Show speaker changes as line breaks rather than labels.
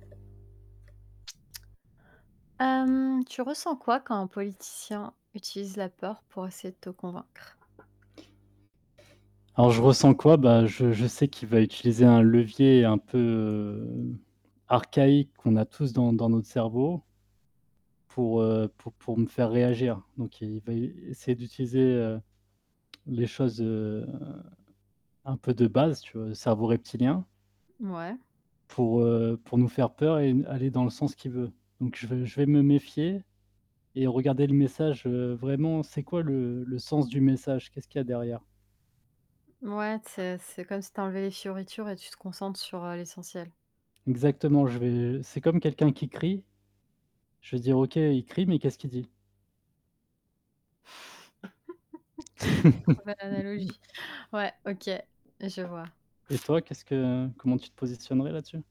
Hem, tu ressens quoi quand un politicien utilise la peur pour essayer de te convaincre?
Alors je ressens quoi? Beh, je je sais qu'il va utiliser un levier un peu, heu, archaïque qu'on a tous dans dans notre cerveau pour, heu, pour pour me faire réagir. Donc il va essayer d'utiliser les choses, heu, un peu de base tu vois, le cerveau reptilien,
Ouais.
pour, heu, pour nous faire peur et n aller dans le sens qu'il veut. Donc je vais je vais me méfier et regarder le message, heu, vraiment, c'est quoi le le sens du message? Qu'est-ce qu'il y a derrière?
Ouais, c'est c'est comme si tu enlevais les fioritures et tu te concentres sur, heu, l'essentiel.
Exactement, je vais c'est comme quelqu'un qui crie, je vais dire: «OK, il crie, mais qu'est-ce qu'il dit?»
Oh l'analogie. Ouais, OK, je vois.
Et toi, qu'est-ce que, heu, comment tu te positionnerais là-dessus?